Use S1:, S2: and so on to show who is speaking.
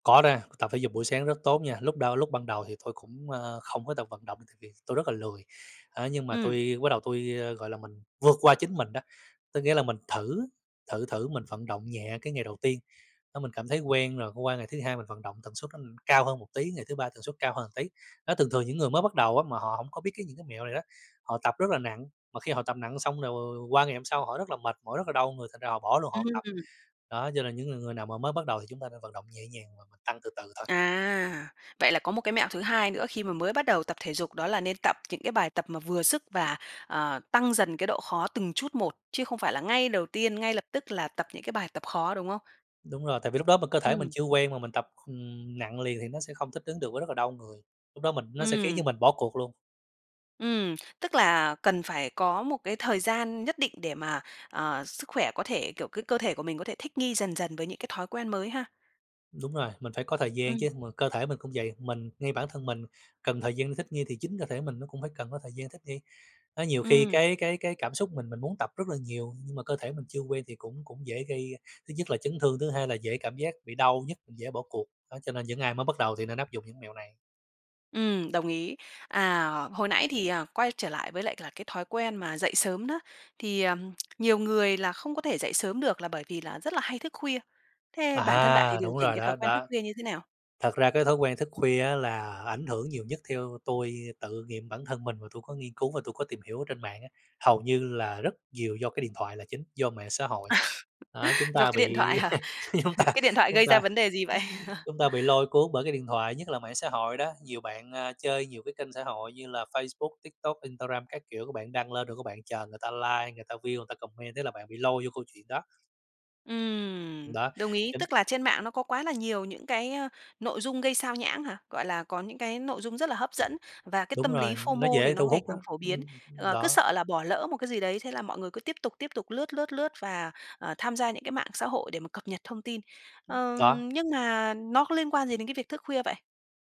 S1: Có na, tập thể dục buổi sáng rất tốt nha. Lúc đâu lúc ban đầu thì tôi cũng, ơ, không có tự vận động tại vì tôi rất là lười. Á, nhưng mà
S2: Ừm.
S1: tôi bắt đầu tôi, gọi là, mình vượt qua chính mình đó, tức nghĩa là mình thử, thử thử mình vận động nhẹ cái ngày đầu tiên. Đó, mình cảm thấy quen rồi, qua ngày thứ 2 mình vận động tần suất [unintelligible] cao hơn một tí, ngày thứ 3 tần suất cao hơn tí. Đó, thường thường những người mới bắt đầu á mà họ hổng có biết cái những cái mẹo này đó, họ tập rất là nặng, mà khi họ tập nặng xong [unintelligible] qua ngày hôm sau họ rất là mệt mỏi, rất là đau người, thành ra họ bỏ luôn, họ hông tập.
S2: Ừm.
S1: Đó, cho nên những người người nào mà mới bắt đầu thì chúng ta nên vận động nhẹ nhàng và mình tăng từ từ thôi.
S2: À, vậy là có một cái mẹo thứ hai nữa khi mà mới bắt đầu tập thể dục đó là nên tập những cái bài tập mà vừa sức và, ờ, tăng dần cái độ khó từng chút một, chứ không phải là ngay đầu tiên, ngay lập tức là tập những cái bài tập khó, đúng không?
S1: Đúng rồi, tại vì lúc đó mà cơ thể mình
S2: Ừm.
S1: chưa quen mà mình tập, ừm, nặng liền thì nó sẽ không thích ứng được với rất là đau người. Lúc đó mình nó sẽ khiến cho
S2: Ừm.
S1: mình bỏ cuộc luôn.
S2: Ừm, tức là cần phải có một cái thời gian nhất định để mà, ờ, sức khỏe có thể kiểu, cái cơ thể của mình có thể thích nghi dần dần với những cái thói quen mới ha.
S1: Đúng rồi, mình phải có thời gian
S2: Ừm.
S1: chứ, mà cơ thể mình cũng vậy, mình ngay bản thân mình cần thời gian thích nghi thì chính cơ thể mình nó cũng phải cần có thời gian thích nghi. Đó, nhiều khi
S2: Ừm.
S1: cái cái cái cảm xúc mình, mình muốn tập rất là nhiều, nhưng mà cơ thể mình chưa quen thì cũng cũng dễ gây, thứ nhất là chấn thương, thứ hai là dễ cảm giác bị đau nhức, dễ bỏ cuộc. Đó, cho nên những ai mới bắt đầu thì nên áp dụng những mẹo này.
S2: Ừm, đồng ý. À, hồi nãy thì, à, quay trở lại với lại là cái thói quen mà dậy sớm đó, thì, ờm, nhiều người là không có thể dậy sớm được là bởi vì là rất là hay thức khuya. Thế bản thân bạn thì
S1: À,
S2: điều
S1: đúng
S2: chỉnh
S1: rồi,
S2: cái
S1: đó
S2: thói quen thức
S1: đó.
S2: khuya như thế nào?
S1: Thật ra cái thói quen thức khuya á là ảnh hưởng nhiều nhất, theo tôi tự nghiệm bản thân mình và tôi có nghiên cứu và tôi có tìm hiểu ở trên mạng á, hầu như là rất nhiều do cái điện thoại là chính, do mạng xã hội.
S2: À,
S1: Đó, chúng
S2: do
S1: ta
S2: cái điện thoại
S1: bị,
S2: hả?
S1: chúng ta
S2: Cái điện thoại
S1: chúng
S2: gây ra
S1: ta
S2: vấn đề gì vậy?
S1: chúng ta bị lôi cuốn bởi cái điện thoại, nhất là mạng xã hội đó, nhiều bạn, a, chơi nhiều cái kênh xã hội như là Facebook, TikTok, Instagram các kiểu, các bạn đăng lên rồi các bạn chờ người ta like, người ta view, người ta comment thế là bạn bị lôi vô câu chuyện đó.
S2: Ừm,
S1: Đó,
S2: đồng ý,
S1: chính
S2: tức là trên mạng nó có quá là nhiều những cái, ơ, nội dung gây sao nhãng hả? Gọi là, có những cái nội dung rất là hấp dẫn, và cái
S1: Đúng
S2: tâm lý
S1: rồi, nó
S2: FOMO thì
S1: dễ
S2: nó
S1: thu
S2: ngày
S1: hút á.
S2: càng phổ biến.
S1: Ưm,
S2: Ờ, cứ
S1: đó.
S2: sợ là bỏ lỡ một cái gì đấy, thế là mọi người cứ tiếp tục, tiếp tục lướt, lướt, lướt và, ờ, tham gia những cái mạng xã hội để mà cập nhật thông tin.
S1: Đó.
S2: Ờm, nhưng mà nó có liên quan gì đến cái việc thức khuya vậy?